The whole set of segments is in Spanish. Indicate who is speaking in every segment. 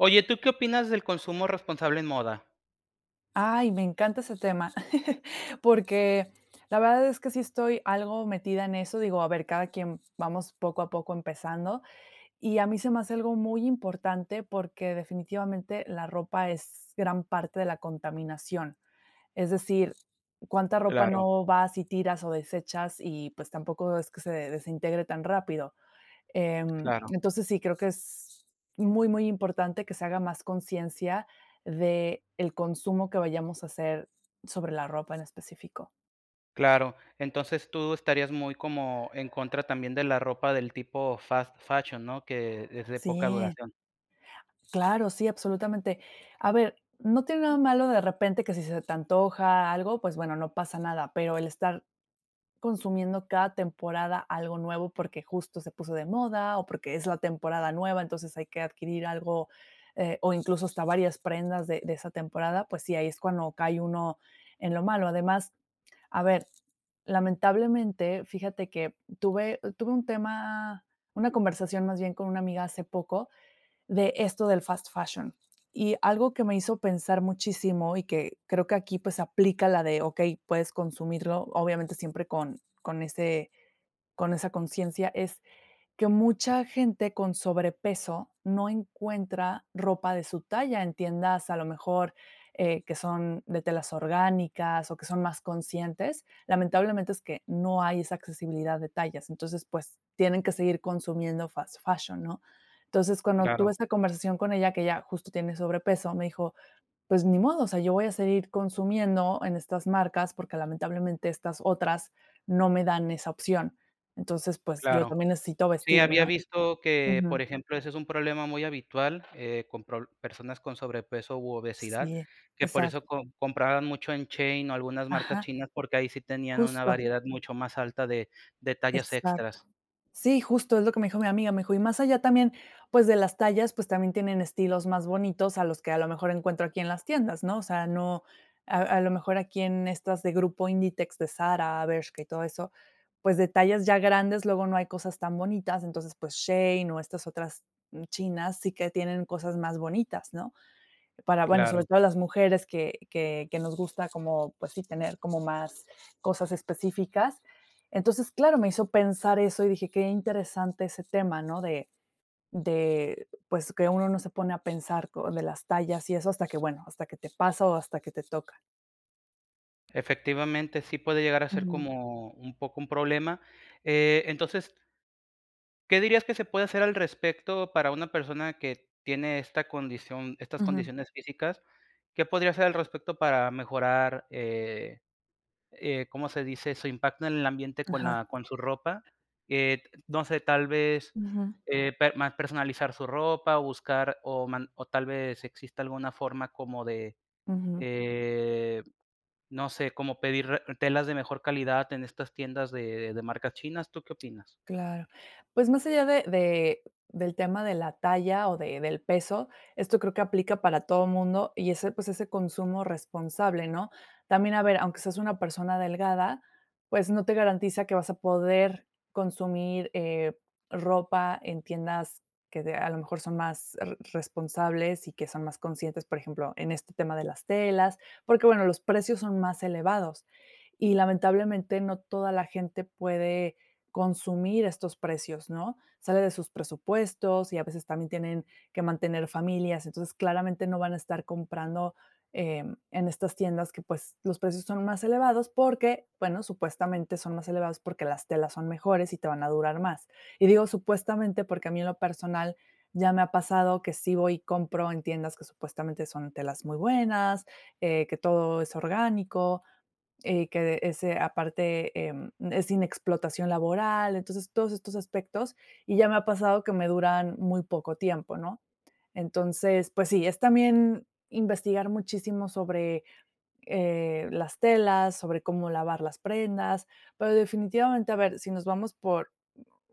Speaker 1: Oye, ¿tú qué opinas del consumo responsable en moda?
Speaker 2: Ay, me encanta ese tema, porque la verdad es que sí estoy algo metida en eso, digo, a ver, cada quien vamos poco a poco empezando. Y a mí se me hace algo muy importante porque, definitivamente, la ropa es gran parte de la contaminación. Es decir, cuánta ropa
Speaker 1: Claro.
Speaker 2: no vas y tiras o desechas y, pues, tampoco es que se desintegre tan rápido, eh,
Speaker 1: Claro.
Speaker 2: entonces, sí, creo que es muy muy importante que se haga más consciencia de el consumo que vayamos a hacer sobre la ropa en específico.
Speaker 1: Claro, entonces tú estarías muy como en contra también de la ropa del tipo fast fashion, ¿no? Que es de poca
Speaker 2: Sí.
Speaker 1: duración.
Speaker 2: Claro, sí, absolutamente. A ver, ¿no tiene nada malo de repente que si se te antoja algo? Pues bueno, no pasa nada, pero el estar consumiendo cada temporada algo nuevo porque justo se puso de moda o porque es la temporada nueva entonces hay que adquirir algo, eh, o incluso hasta varias prendas de de esa temporada pues si ahí es cuando cae uno en lo malo. Además a ver lamentablemente, fíjate que tuve tuve un tema una conversación, más bien, con una amiga hace poco de esto del fast fashion. Y algo que me hizo pensar muchísimo y que creo que aquí, pues aplica la de, okey, puedes consumirlo, obviamente, siempre con con ese con esa consciencia, es que mucha gente con sobrepeso no encuentra ropa de su talla en tiendas, a lo mejor, eh, que son de telas orgánicas o que son más conscientes. Lamentablemente, es que no hay esa accesibilidad de tallas. Entonces, pues tienen que seguir consumiendo fast fashion, ¿no? Entonces, cuando tuve
Speaker 1: Claro.
Speaker 2: esa conversación con ella que ella justo tiene sobrepeso, me dijo: "Pues ni modo, o sea, yo voy a seguir consumiendo en estas marcas porque, lamentablemente, estas otras no me dan esa opción. Entonces, pues, yo
Speaker 1: Claro.
Speaker 2: también necesito
Speaker 1: Sí,
Speaker 2: vestirme,
Speaker 1: había
Speaker 2: ¿no?"
Speaker 1: visto que, por
Speaker 2: Ujú.
Speaker 1: ejemplo, ese es un problema muy habitual, eh, con proble personas con sobrepeso u obesidad,
Speaker 2: Sí,
Speaker 1: que por
Speaker 2: exacto.
Speaker 1: eso com compraban mucho en Shein o algunas marcas
Speaker 2: Ajá.
Speaker 1: chinas porque ahí sí tenían una
Speaker 2: Justo.
Speaker 1: variedad mucho más alta de de detalles
Speaker 2: Exacto.
Speaker 1: extras.
Speaker 2: Sí, justo, es lo que me dijo mi amiga. Me dijo: "Y más allá también, pues, de las tallas, pues, también tienen estilos más bonitos a los que, a lo mejor, encuentro aquí en las tiendas", ¿no? O sea, no, a a lo mejor, aquí en estas de Grupo Inditex, de Zara, Bershka, y todo eso, pues, detalles ya grandes, luego no hay cosas tan bonitas. Entonces, pues, Shein o estas otras chinas sí que tienen cosas más bonitas, ¿no? Para, bueno, sobre
Speaker 1: Claro.
Speaker 2: todo las mujeres que que que nos gusta como, pues sí, tener como más cosas específicas. Entonces, claro, me hizo pensar eso y dije: "Qué interesante ese tema", ¿no? De de, pues que uno no se pone a pensar co de las tallas y eso hasta que, bueno, hasta que te pasa o hasta que te toca.
Speaker 1: Efectivamente, sí puede llegar a ser
Speaker 2: Ujú.
Speaker 1: como un poco un problema, eh, entonces ¿qué dirías que se puede hacer al respecto para una persona que tiene esta condición estas
Speaker 2: Ujú.
Speaker 1: condiciones físicas? ¿Qué podría hacer al respecto para mejorar, eh, eh, cómo se dice, su impacto en el ambiente con
Speaker 2: Ajá.
Speaker 1: la con su ropa? Eh, no sé, tal vez
Speaker 2: Ujú.
Speaker 1: eh, per mar-personalizar su ropa o buscar o man o tal vez exista alguna forma como de,
Speaker 2: Ujú.
Speaker 1: eh, no sé, como pedir re telas de mejor calidad en estas tiendas de de marcas chinas. ¿Tú qué opinas?
Speaker 2: Claro. Pues más allá de de del tema de la talla o de del peso esto creo que aplica para todo mundo y ese pues ese consumo responsable, ¿no? También a ver aunque seas una persona delgada pues no te garantiza que vas a poder consumir, eh, ropa en tiendas que de a lo mejor son más re responsables y que son más conscientes, por ejemplo, en este tema de las telas, porque bueno, los precios son más elevados. Y lamentablemente ,no toda la gente puede consumir estos precios, ¿no? Sale de sus presupuestos y a veces también tienen que mantener familias. Entonces, claramente no van a estar comprando, eh, en estas tiendas que, pues, los precios son más elevados porque, bueno, supuestamente son más elevados porque las telas son mejores y te van a durar más. Y digo, supuestamente, porque a mí en lo personal ya me ha pasado que sí voy y compro en tiendas que supuestamente son telas muy buenas, eh, que todo es orgánico, eh, que este aparte e e es sin explotación laboral. Entonces, todos estos aspectos, y ya me ha pasado que me duran muy poco tiempo, ¿no? Entonces, pues sí, es también investigar muchísimo sobre, eh, las telas, sobre cómo lavar las prendas, pero definitivamente, a ver, si nos vamos por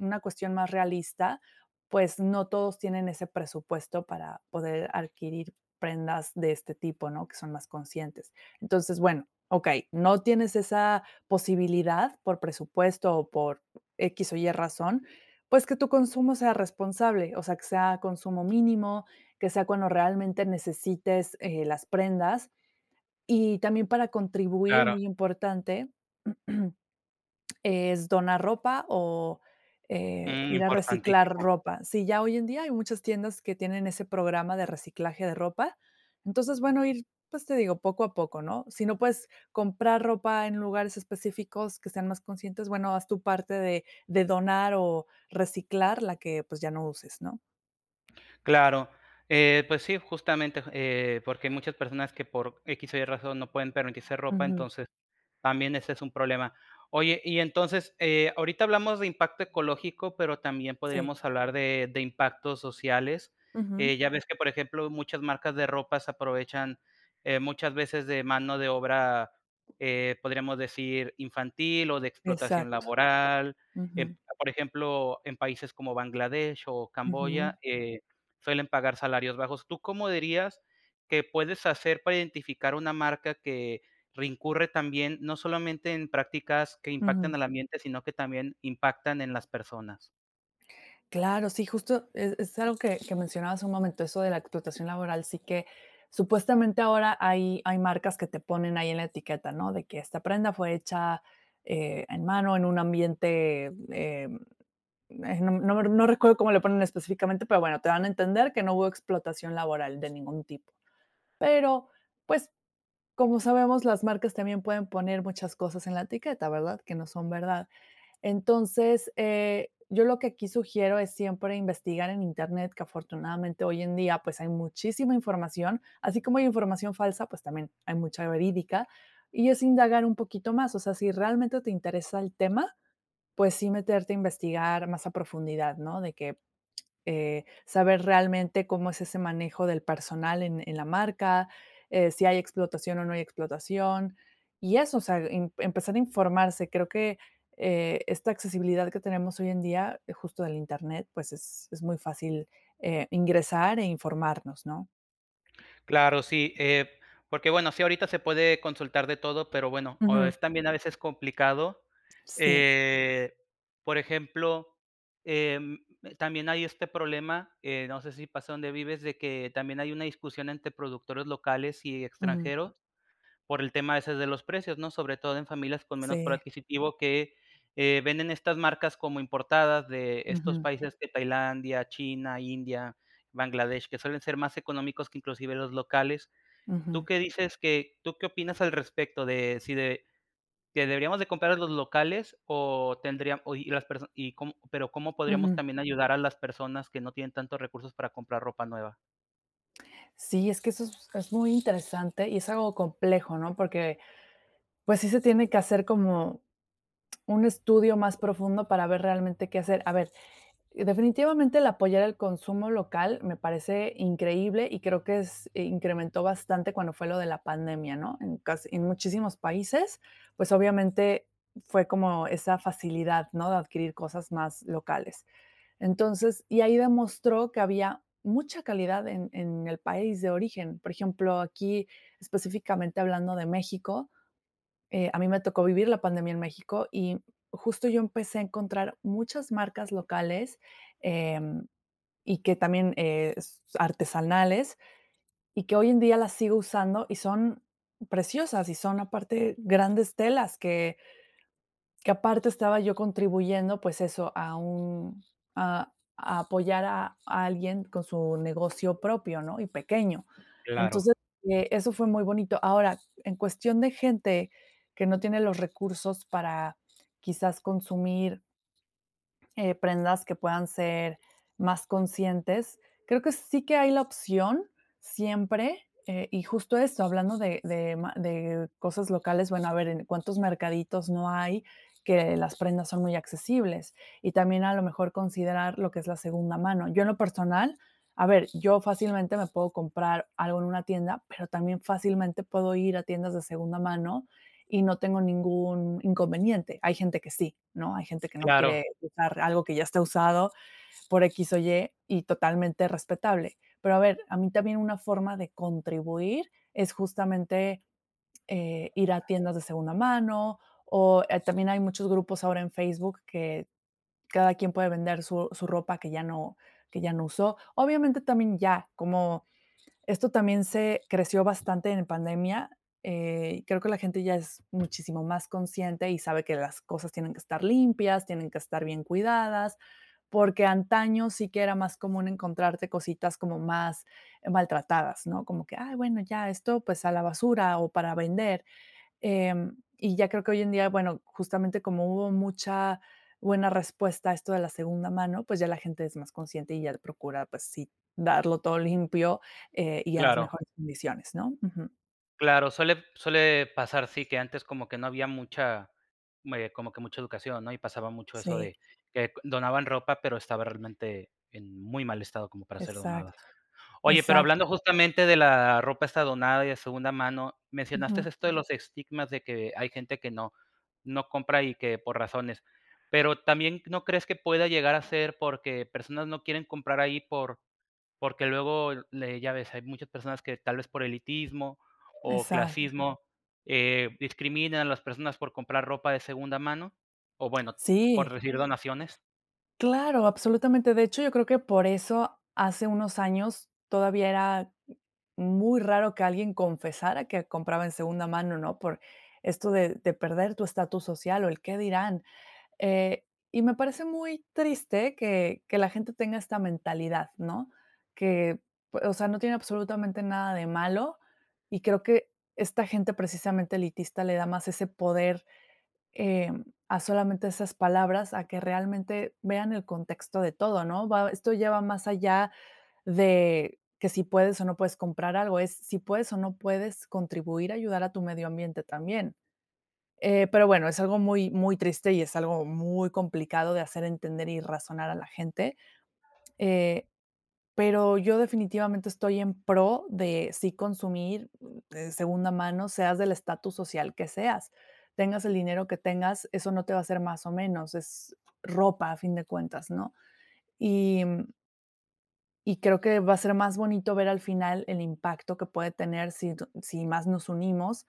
Speaker 2: u una cuestión más realista, pues no todos tienen ese presupuesto para poder adquirir prendas de este tipo, ¿no? Que son más conscientes. Entonces, bueno, okey, no tienes esa posibilidad por presupuesto o por equis o ye razón, pues que tu consumo sea responsable, o sea, que sea consumo mínimo, que sea cuando realmente necesites, eh, las prendas. Y también para contribuir,
Speaker 1: Claro.
Speaker 2: muy importante, es donar ropa o, eh,
Speaker 1: Mm,
Speaker 2: ir a reciclar
Speaker 1: importantísimo.
Speaker 2: ropa. Si ya hoy en día hay muchas tiendas que tienen ese programa de reciclaje de ropa entonces bueno ir, pues te digo poco a poco, ¿no? Si no puedes comprar ropa en lugares específicos que sean más conscientes, bueno, haz tu parte de de donar o reciclar la que, pues, ya no uses, ¿no?
Speaker 1: Claro. Eh, pues sí, justamente, j eh, porque hay muchas personas que por X o Y razón no pueden permitirse ropa,
Speaker 2: Ujú.
Speaker 1: entonces también ese es un problema. Oye, y entonces, eh, ahorita hablamos de impacto ecológico, pero también
Speaker 2: Sí.
Speaker 1: podríamos hablar de de impactos sociales, eh,
Speaker 2: Ujú.
Speaker 1: ya ves que, por ejemplo, muchas marcas de ropas aprovechan, eh, muchas veces de mano de obra, eh, podríamos decir, infantil o de explotación
Speaker 2: Exacto.
Speaker 1: laboral, eh,
Speaker 2: Ujú.
Speaker 1: por ejemplo, en países como Bangladesh o Camboya,
Speaker 2: Ujú.
Speaker 1: eh, suelen pagar salarios bajos. ¿Tú cómo dirías que puedes hacer para identificar una marca que incurre también, no solamente en prácticas que impactan
Speaker 2: Ujú.
Speaker 1: al ambiente, sino que también impactan en las personas?
Speaker 2: Claro, sí, justo es es algo que que mencionabas hace un momento, eso de la explotación laboral, sí que supuestamente ahora hay hay marcas que te ponen ahí en la etiqueta, ¿no?, de que esta prenda fue hecha, eh, en mano, en un ambiente, eh eh, no m no re no recuerdo cómo le ponen específicamente, pero bueno, te dan a entender que no hubo explotación laboral de ningún tipo. Pero pues como sabemos, las marcas también pueden poner muchas cosas en la etiqueta, ¿verdad?, que no son verdad, entonces, eh, yo lo que aquí sugiero es siempre investigar en internet que afortunadamente hoy en día pues hay muchísima información, así como hay información falsa, pues, también hay mucha verídica y es indagar un poquito más, o sea, si realmente te interesa el tema, pues sí meterte a investigar más a profundidad, ¿no?, de que, eh, saber realmente cómo es ese manejo del personal en en la marca, eh, si hay explotación o no hay explotación, y eso, o sea, em empezar a informarse, creo que, eh, esta accesibilidad que tenemos hoy en día, justo del Internet, pues, es es muy fácil, eh, ingresar e informarnos, ¿no?
Speaker 1: Claro, sí, eh, porque, bueno, sí, ahorita se puede consultar de todo, pero, bueno, o es
Speaker 2: Ujú.
Speaker 1: también a veces complicado,
Speaker 2: Sí.
Speaker 1: eh, por ejemplo, em, también hay este problema, em, no sé si pasa dónde vives, de que también hay una discusión entre productores locales y
Speaker 2: Ujú.
Speaker 1: extranjeros, por el tema ese de los precios, ¿no?, sobre todo en familias con menos poder
Speaker 2: Sí.
Speaker 1: adquisitivo que, eh, venden estas marcas como importadas de estos
Speaker 2: Ujú.
Speaker 1: países que Tailandia, China, India, Bangladesh, que suelen ser más económicos que inclusive los locales. ¿Tú
Speaker 2: Ujú.
Speaker 1: qué dices? que ¿Tú qué opinas al respecto de si de que deberíamos de comprar a los locales o tendrían o y las personas y cómo pero cómo podríamos
Speaker 2: Ujú.
Speaker 1: también ayudar a las personas que no tienen tantos recursos para comprar ropa nueva?
Speaker 2: Sí, es que eso es es muy interesante y es algo complejo, ¿no? Porque, pues, sí se tiene que hacer como un estudio más profundo para ver realmente qué hacer. A ver, definitivamente, el apoyar al consumo local me parece increíble y creo que es e incrementó bastante cuando fue lo de la pandemia, ¿no? En casi en muchísimos países, pues, obviamente fue como esa facilidad, ¿no?, de adquirir cosas más locales. Entonces, y ahí demostró que había mucha calidad en en el país de origen. Por ejemplo, aquí específicamente hablando de México, eh, a mí me tocó vivir la pandemia en México y justo yo empecé a encontrar muchas marcas locales, em, y que también, eh, s artesanales, y que hoy en día las sigo usando y son preciosas y son aparte grandes telas que que aparte estaba yo contribuyendo, pues eso, a un a a apoyar a a alguien con su negocio propio, ¿no? Y pequeño.
Speaker 1: Claro.
Speaker 2: Entonces, eso fue muy bonito. Ahora, en cuestión de gente que no tiene los recursos para quizás consumir Eh, prendas que puedan ser más conscientes, creo que sí que hay la opción siempre, eh, y justo eso, hablando de de ma de cosas locales, bueno, a ver en cuántos mercaditos no hay, que las prendas son muy accesibles. Y también, a lo mejor, considerar lo que es la segunda mano. Yo, en lo personal, a ver, yo fácilmente me puedo comprar algo en una tienda, pero también fácilmente puedo ir a tiendas de segunda mano y no tengo ningún inconveniente. Hay gente que sí, ¿no? Hay gente que no
Speaker 1: Claro.
Speaker 2: quiere usar algo que ya está usado por X o Y. Y totalmente respetable. Pero, a ver, a mí también una forma de contribuir es justamente ir a tiendas de segunda mano o también hay muchos grupos ahora en Facebook que cada quien puede vender su su ropa que ya no que ya no usó. Obviamente, también ya, como esto también se creció bastante en pandemia. Eh, creo que la gente ya es muchísimo más consciente y sabe que las cosas tienen que estar limpias, tienen que estar bien cuidadas. Porque antaño sí que era más común encontrarte cositas como más maltratadas, ¿no? Como que: "Ay, bueno, ya esto, pues, a la basura o para vender". Em, y ya creo que hoy en día, bueno, justamente como hubo mucha buena respuesta a esto de la segunda mano, pues ya la gente es más consciente y ya procura, pues sí, darlo todo limpio, eh, y en las
Speaker 1: Claro.
Speaker 2: mejores condiciones, ¿no? Ujú.
Speaker 1: Claro, suele suele pasar, sí, que antes como que no había mucha me como que mucha educación, ¿no? Y pasaba mucho eso
Speaker 2: Sí.
Speaker 1: de que donaban ropa, pero estaba realmente en muy mal estado como para ser donada.
Speaker 2: Exacto,
Speaker 1: Oye, pero
Speaker 2: exacto.
Speaker 1: hablando justamente de la ropa esta donada y de segunda mano, mencionaste
Speaker 2: Ujú.
Speaker 1: esto de los estigmas de que hay gente que no no compra y que por razones. Pero también, ¿no crees que pueda llegar a ser porque personas no quieren comprar ahí por porque luego le ya ves, hay muchas personas que tal vez por elitismo o
Speaker 2: Exacto.
Speaker 1: clasismo, eh, discriminan a las personas por comprar ropa de segunda mano, o bueno, por
Speaker 2: Sí.
Speaker 1: recibir donaciones?
Speaker 2: Claro, absolutamente. De hecho, yo creo que por eso hace unos años todavía era muy raro que alguien confesara que compraba en segunda mano, ¿no? Por esto de de perder tu estatus social o el qué dirán. Eh, y me parece muy triste que que la gente tenga esta mentalidad, ¿no? Que, o sea, pue no tiene absolutamente nada de malo, y creo que esta gente, precisamente, elitista, le da más ese poder, eh, a solamente esas palabras, a que realmente vean el contexto de todo, ¿no?, va esto lleva más allá de que si puedes o no puedes comprar algo, es si puedes o no puedes contribuir a ayudar a tu medio ambiente también. Eh, pero, bueno, es algo muy muy triste y es algo muy complicado de hacer entender y razonar a la gente. Eh, pero yo definitivamente estoy en pro de sí consumir, de segunda mano, seas del estatus social que seas. Tengas el dinero que tengas, eso no te va a hacer más o menos, es ropa, a fin de cuentas, ¿no? Y, mm Y creo que va a ser más bonito ver al final el impacto que puede tener si tu si más nos unimos,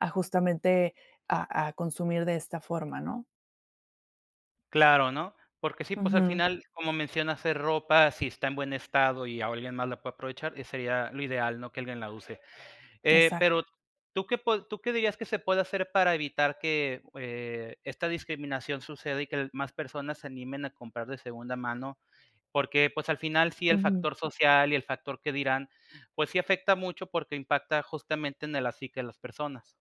Speaker 2: a justamente, a a consumir de esta forma, ¿no?
Speaker 1: Claro, ¿no? Porque sí, pues, al
Speaker 2: Ujú.
Speaker 1: final, como mencionas, es ropa, si está en buen estado y o alguien más la puede aprovechar, eh, sería lo ideal, ¿no?,que alguien la use, eh,
Speaker 2: Exacto.
Speaker 1: pero, ¿tú qué po tú qué dirías que se puede hacer para evitar que, eh, esta discriminación suceda y que más personas se animen a comprar de segunda mano? Porque, pues, al final, sí el
Speaker 2: Ujú.
Speaker 1: factor social y el factor qué dirán, pues, sí afecta mucho, porque impacta, justamente, en el así, que las personas.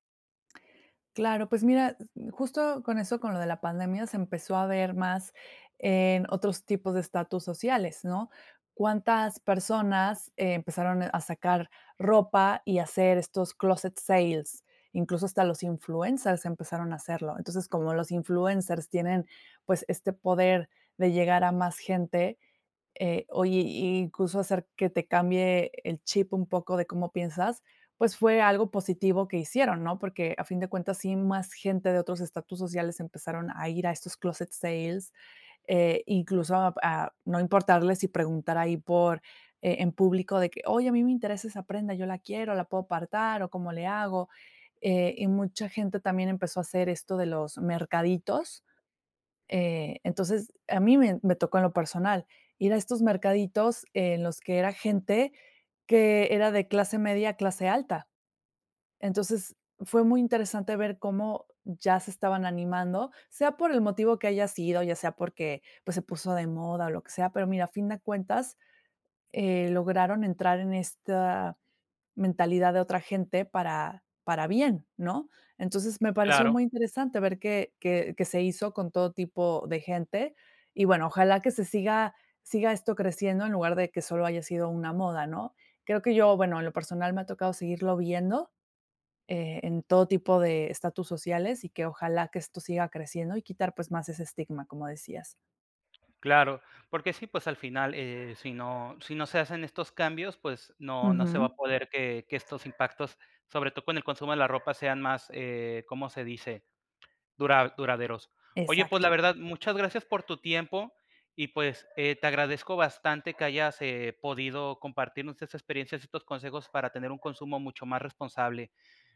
Speaker 2: Claro, pues, mira, s mm, justo con eso, con lo de la pandemia, se empezó a ver más en otros tipos de estatus sociales, ¿no? ¿Cuántas personas empezaron a sacar ropa y a hacer estos clóset sales? Incluso hasta los influencers empezaron a hacerlo. Entonces, como los influencers tienen, pues, este poder de llegar a más gente, eh, hoy, i incluso hacer que te cambie el chip un poco de cómo piensas, pues, fue algo positivo que hicieron, ¿no? Porque, a fin de cuentas, sí, más gente de otros estatus sociales empezaron a ir a estos clóset sales, eh, incluso a p a no importarle si preguntar ahí por eh, en público de que: "Oye, a mí me interesa esa prenda, yo la quiero, ¿la puedo apartar o cómo le hago?" Eh, y mucha gente también empezó a hacer esto de los mercaditos, eh, entonces, a mí me me tocó en lo personal, ir a estos mercaditos en los que era gente que era de clase media a clase alta. Entonces, fue muy interesante ver cómo ya se estaban animando, sea por el motivo que haya sido, ya sea porque, pues, se puso de moda o lo que sea, pero, mira, a fin de cuentas, eh, lograron entrar en esta mentalidad de otra gente para para bien, ¿no? Entonces, me pareció
Speaker 1: Claro.
Speaker 2: muy interesante ver que que que se hizo con todo tipo de gente. Y, bueno, ojalá que se siga siga esto creciendo, en lugar de que solo haya sido una moda, ¿no? Creo que yo, bueno, en lo personal, me ha tocado seguirlo viendo, eh, en todo tipo de estatus sociales, y que ojalá que esto siga creciendo y quitar, pues, más ese estigma, como decías.
Speaker 1: Claro, porque sí, pues, al final, eh, si no si no se hacen estos cambios, pues, no no se va a
Speaker 2: Ujú.
Speaker 1: poder que que estos impactos, sobre todo con el consumo de la ropa, sean más, eh, ¿cómo se dice?, dura duraderos. Oye, pues, la
Speaker 2: Exacto.
Speaker 1: verdad, muchas gracias por tu tiempo y, pues, eh, te agradezco bastante que hayas, eh, podido compartirnos estas experiencias y estos consejos para tener un consumo mucho más responsable.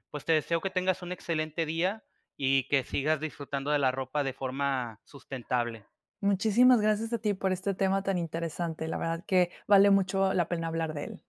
Speaker 1: Pues, te deseo que tengas un excelente día y que sigas disfrutando de la ropa de forma sustentable.
Speaker 2: Muchísimas gracias a ti por este tema tan interesante. La verdad que vale mucho la pena hablar de él.